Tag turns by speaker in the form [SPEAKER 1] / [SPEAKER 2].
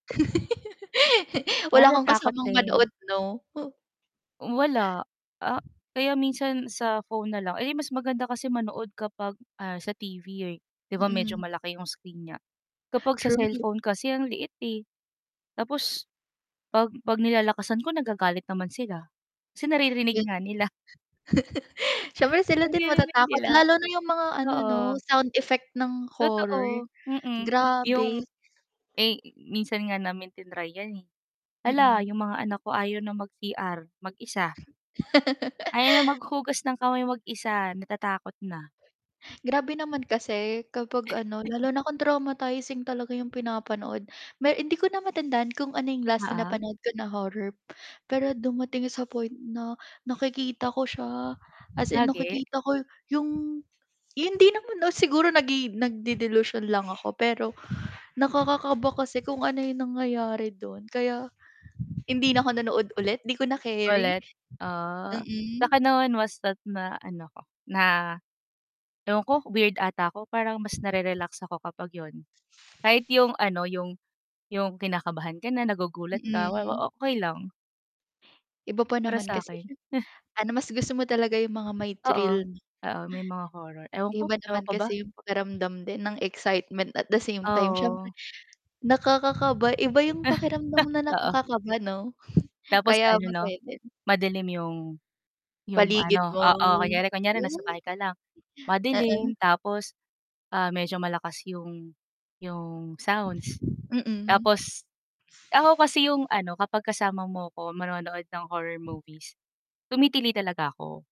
[SPEAKER 1] Ah,
[SPEAKER 2] Wala kang
[SPEAKER 1] natakot
[SPEAKER 2] kasamang
[SPEAKER 1] din.
[SPEAKER 2] manood 'no?
[SPEAKER 1] Hmm, wala. Ah kaya minsan sa phone na lang. Eh, mas maganda kasi manood kapag, ah, sa TV, eh, 'di ba medyo
[SPEAKER 2] Mm.
[SPEAKER 1] malaki 'yong screen niya? Kapag sa
[SPEAKER 2] True.
[SPEAKER 1] cellphone kasi ang liit, eh. Tapos 'pag 'pag nilalakasan ko, nagagalit naman sila. Kasi naririnig
[SPEAKER 2] Eh.
[SPEAKER 1] nga nila.
[SPEAKER 2] Siyempre sila din
[SPEAKER 1] Naririnig
[SPEAKER 2] matatakot.
[SPEAKER 1] nila.
[SPEAKER 2] Lalo na 'yung mga ano, 'no?
[SPEAKER 1] Oo.
[SPEAKER 2] Sound effect ng horror.
[SPEAKER 1] Totoo. Mm.
[SPEAKER 2] Grabe.
[SPEAKER 1] 'Yung eh, minsan nga namin triny 'yan, eh. Hala,
[SPEAKER 2] Mm.
[SPEAKER 1] 'yung mga anak ko ayaw na mag CR mag-isa. Ayaw na maghugas ng kamay mag-isa, natatakot na.
[SPEAKER 2] Grabe naman kasi kapag ano, lalo na kung traumatizing talaga 'yung pinapanood. Me hindi ko na matandaan kung ano 'yung last na
[SPEAKER 1] Oo.
[SPEAKER 2] napanood ko na horror, pero dumating sa point na nakikita ko siya, as in
[SPEAKER 1] Lagi?
[SPEAKER 2] nakikita ko, 'yong hindi naman oh, siguro nagi nag-de-delusion lang ako pero nakakakaba kasi kung ano 'yong nangyayari do'n. Kaya, hindi na ako nanood ulit. 'Di ko na keri.
[SPEAKER 1] Ulit? Ah,
[SPEAKER 2] Mm.
[SPEAKER 1] sa'kin naman basta't na ano ko, na ewan ko, weird ata ako. Parang mas narerelax ako kapag 'yun. Kahit 'yung ano, 'yung 'yung kinakabahan ka na, nagugulat ka, wa wa
[SPEAKER 2] Mm.
[SPEAKER 1] okey lang.
[SPEAKER 2] Iba pa
[SPEAKER 1] Para
[SPEAKER 2] naman
[SPEAKER 1] sa
[SPEAKER 2] kasi
[SPEAKER 1] akin.
[SPEAKER 2] siyem ano, mas gusto mo talaga 'yung mga may
[SPEAKER 1] Oo.
[SPEAKER 2] thrill 'no.
[SPEAKER 1] Oo, may mga horror. Ewan ko,
[SPEAKER 2] Iba
[SPEAKER 1] ewan
[SPEAKER 2] naman
[SPEAKER 1] ko ba.
[SPEAKER 2] kasi 'yung pakiramdam din ng excitement, at the same time siyempre
[SPEAKER 1] Oo.
[SPEAKER 2] nakakakaba. Iba 'yung pakiramdam na
[SPEAKER 1] Oo.
[SPEAKER 2] nakakakaba 'no?
[SPEAKER 1] Tapos
[SPEAKER 2] Kaya
[SPEAKER 1] ano 'no,
[SPEAKER 2] masaya din.
[SPEAKER 1] madilim 'yong 'yong
[SPEAKER 2] Paligid
[SPEAKER 1] ano
[SPEAKER 2] mo.
[SPEAKER 1] oo. Kunyari kunyari nasa
[SPEAKER 2] Oh.
[SPEAKER 1] bahay ka lang,
[SPEAKER 2] Oo.
[SPEAKER 1] madilim tapos, ah, medyo malakas 'yong 'yong sounds,
[SPEAKER 2] Mm.
[SPEAKER 1] tapos ako kasi 'yong ano, kapag kasama mo ako manonood ng horror movies, tumitili talaga ako.